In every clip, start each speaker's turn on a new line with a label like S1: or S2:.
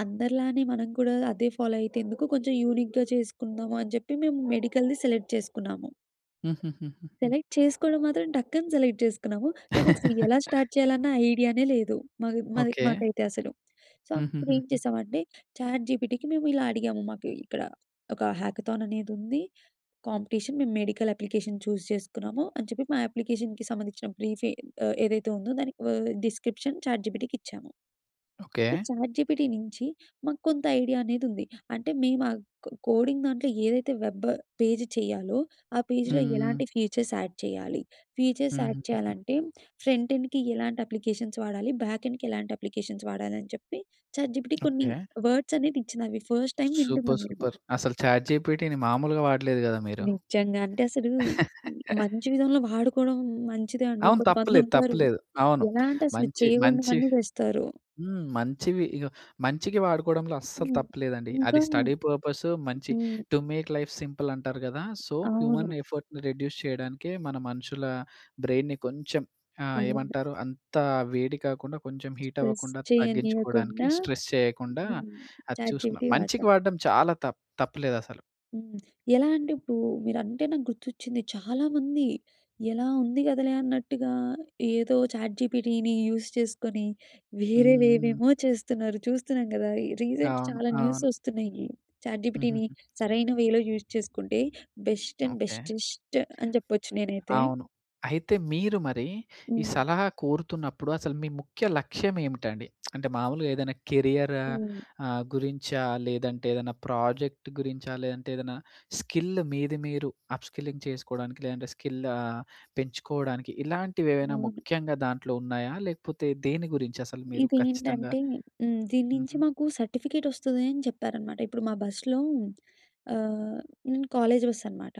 S1: అందరిలానే మనం కూడా అదే ఫాలో అయితే ఎందుకు. కొంచెం యూనిక్‌గా చేసుకుందాము అని చెప్పి, మేము మెడికల్‌ది సెలెక్ట్ చేసుకున్నాము.
S2: హుహుహుహుహు.
S1: సెలెక్ట్ చేసుకోవడం మాత్రం టక్కని సెలెక్ట్ చేసుకున్నాము. కానీ, అస్సల ఎలా స్టార్ట్ చేయాలన్న ఐడియా‌నే లేదు. మాకు మది
S2: ఓకే.
S1: మాకైతే అసలు. సో, అప్పుడు ఏం
S2: హుహూహూహు.
S1: చేసామంటే, చాట్‌జీపీటీ‌కి మేము ఇలా అడిగాము. మాకు ఇక్కడ ఒక హ్యాకథాననేది ఉంది. కాంపిటీషన్ మేము మెడికల్ అప్లికేషన్ చూజ్ చేసుకున్నాము. అని చెప్పి మా అప్లికేషన్‌కి సంబంధించిన బ్రీఫె ఆహ్, ఏదైతే ఉందో దానికి ఆహ్, డిస్క్రిప్షన్ చాట్‌జీపీటీ‌కి ఇచ్చాము.
S2: ఓకే.
S1: చాట్‌జీపీటీ‌ నుంచి, మాకు కొంత ఐడియా అనేది ఉంది. అంటే, మేము ఆ కో కోడింగ్ దాంట్లో ఏదైతే వెబ్, పేజ్ చేయాలో, ఆ పేజ్‌లో
S2: హ్మ్.
S1: ఎలాంటి ఫీచర్స్ యాడ్ చేయాలి. ఫీచర్స్ యాడ్
S2: హుహుహుహు.
S1: చేయాలంటే, ఫ్రంట్ ఎండ్‌కి ఎలాంటి అప్లికేషన్స్ వాడాలి. బ్యాక్ ఎండ్‌కి ఎలాంటి అప్లికేషన్స్ వాడాలి. అని చెప్పి చాట్‌జీపీటీ‌ కొన్ని
S2: ఓకే.
S1: వర్డ్స్ అనేది ఇచ్చినవి ఫస్ట్ టైమ్
S2: సూపర్,
S1: వింటున్నాం మేము.
S2: సూపర్. అసలు చాట్‌జీపీటీ‌ని మాములుగా వాడలేదు గదా మీరు.
S1: నిజంగా. అంటే అసలు మంచి విధంగా వాడుకోవడం మంచిదే అండి.
S2: అవును.
S1: కొంతమంది
S2: తప్పులేదు. తప్పు
S1: ఉంటారు.
S2: లేదు. అవును.
S1: ఎలా అంటే, అసలు
S2: మంచి, మంచి
S1: చేయకూడనివన్నీ చేస్తారు.
S2: హ్మ్. మంచివి ఇగో మంచికి వాడుకోవడంలో అస్సలు
S1: హ్మ్.
S2: తప్పు లేదండి. అది
S1: ఇంకానా.
S2: స్టడీ పర్పస్సు మంచి
S1: హ్మ్.
S2: టు మేక్ లైఫ్ సింపుల్ అంటారు కదా! సో, హ్యూమన్
S1: అవును.
S2: ఎఫర్ట్‌ని రెడ్యూస్ చేయడానికే మన మనుషుల బ్రెయిన్‌ని కొంచెం ఆహ్,
S1: అవును.
S2: ఏమంటారు అంత వేడి కాకుండా కొంచెం హీట్
S1: స్ట్రెస్
S2: అవ్వకుండా తగ్గించుకోవడానికి
S1: చేయనీయకుండా
S2: స్ట్రెస్ చేయకుండా
S1: హ్మ్.
S2: అది చూసుకున్నాం.
S1: చాట్‌జీపీటీ‌
S2: మంచికి
S1: వాడతాం.
S2: వాడడం చాలా తప్పు తప్పు లేదు అసలు.
S1: హ్మ్. ఎలా అంటే, ఇప్పుడు మీరంటే నాకు గుర్తొచ్చింది. చాలామంది ఎలా ఉంది కదలే అన్నట్టుగా, ఏదో చాట్‌జీపీటీ‌ని యూస్ చేసుకొని వేరే
S2: హుహు.
S1: వేవేమో చేస్తున్నారు. చూస్తున్నాం గదా! రీసెంట్
S2: అవును.
S1: చాలా
S2: అవును.
S1: న్యూసొస్తున్నాయి. చాట్‌జీపీటీ‌ని
S2: హూహూహు.
S1: సరైన వేలో యూస్ చేసుకుంటే, బెస్ట్ అండ్
S2: ఓకే.
S1: బెటెస్ట్ అని చెప్పొచ్చు నేనైతే.
S2: అవును. అయితే మీరు మరి, ఈ
S1: హ్మ్.
S2: సలహా కోరుతున్నప్పుడు అసలు మీ ముఖ్య లక్ష్యం ఏమిటండి. అంటే, మామూలుగా ఏదైనా కెరియరా
S1: హ్మ్.
S2: ఆహ్, గురించా? లేదంటే, ఏదన్నా ప్రాజెక్ట్ గురించా? లేదంటే, ఏదైనా స్కిల్ మీద, మీరు అప్‌స్కిల్లింగ్ చేసుకోవడానికి లేదంటే స్కిల్ ఆహ్, పెంచుకోవడానికి ఇలాంటివి ఏవైనా
S1: అవును.
S2: ముఖ్యంగా దాంట్లో ఉన్నాయా? లేకపోతే, దేని గురించి అసలు మీరు? ఖచ్చితంగా
S1: ఇదేంటంటే హ్మ్. దీని నుంచి
S2: హుహు.
S1: మాకు సర్టిఫికేటొస్తుంది అని చెప్పారనమాట. ఇప్పుడు మా బస్సులో ఆహ్, నేను కాలేజ్ బస్సనమాట.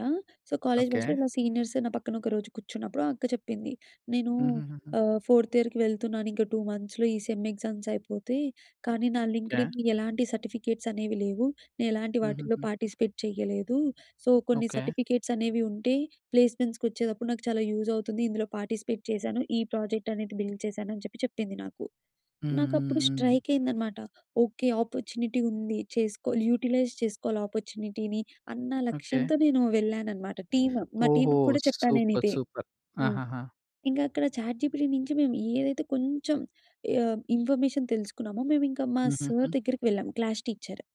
S1: So, college
S2: okay.
S1: బస్సులో ఇలా సీనియర్స్ నా పక్కన ఒకరోజు కూర్చున్నప్పుడు అక్క చెప్పింది. "నేను
S2: హుహుహుహు.
S1: ఆహ్, ఫోర్త్ ఇయర్‌కి వెళ్తున్నాను ఇంకా, 2 మంత్స్‌లో ఈ సెమ్ ఎగ్జామ్స్ అయిపోతే. కానీ, నా
S2: ఓకే.
S1: లింక్డ్ఇన్ ఎలాంటి సర్టిఫికేట్సనేవి లేవు. నేను ఎలాంటి వాటిలో
S2: హూహూహు.
S1: పార్టిసిపేట్ చేయలేదు. సో, కొన్ని
S2: ఓకే.
S1: సర్టిఫికేట్సనేవి ఉంటే, ప్లేస్మెంట్స్‌కొచ్చేటప్పుడు నాకు చాలా యూజ్ అవుతుంది. ఇందులో పార్టిసిపేట్ చేశాను. ఈ ప్రాజెక్ట్ అనేది బిల్డ్ చేశాను," అని చెప్పి చెప్పింది నాకు.
S2: హ్మ్,
S1: నాకు
S2: హ్మ్,
S1: అప్పుడు
S2: హ్మ్.
S1: స్ట్రైకైందనమాట. ఓకే, ఆపర్చునిటీ ఉంది. చేసుకోవాలి యుటిలైజ్ చేసుకోవాలి ఆపర్చునిటీని. అన్న
S2: ఓకే.
S1: లక్ష్యంతో నేను వెళ్ళానన్నమాట. టీమ్ మా
S2: ఓహో!
S1: టీమ్‌కి కూడా చెప్పాను నేను
S2: సూపర్,
S1: ఇదే.
S2: సూపర్.
S1: హ్మ్.
S2: ఆహాహా!
S1: ఇంకా అక్కడ చాట్‌జీపీటీ‌ నుంచి మేము ఏదైతే కొంచెం ఆహ్, ఇన్ఫర్మేషన్ తెలుసుకున్నామో, మేము ఇంకా మా సార్
S2: హుహుహు.
S1: దగ్గరికి వెళ్ళాం క్లాస్ టీచర్.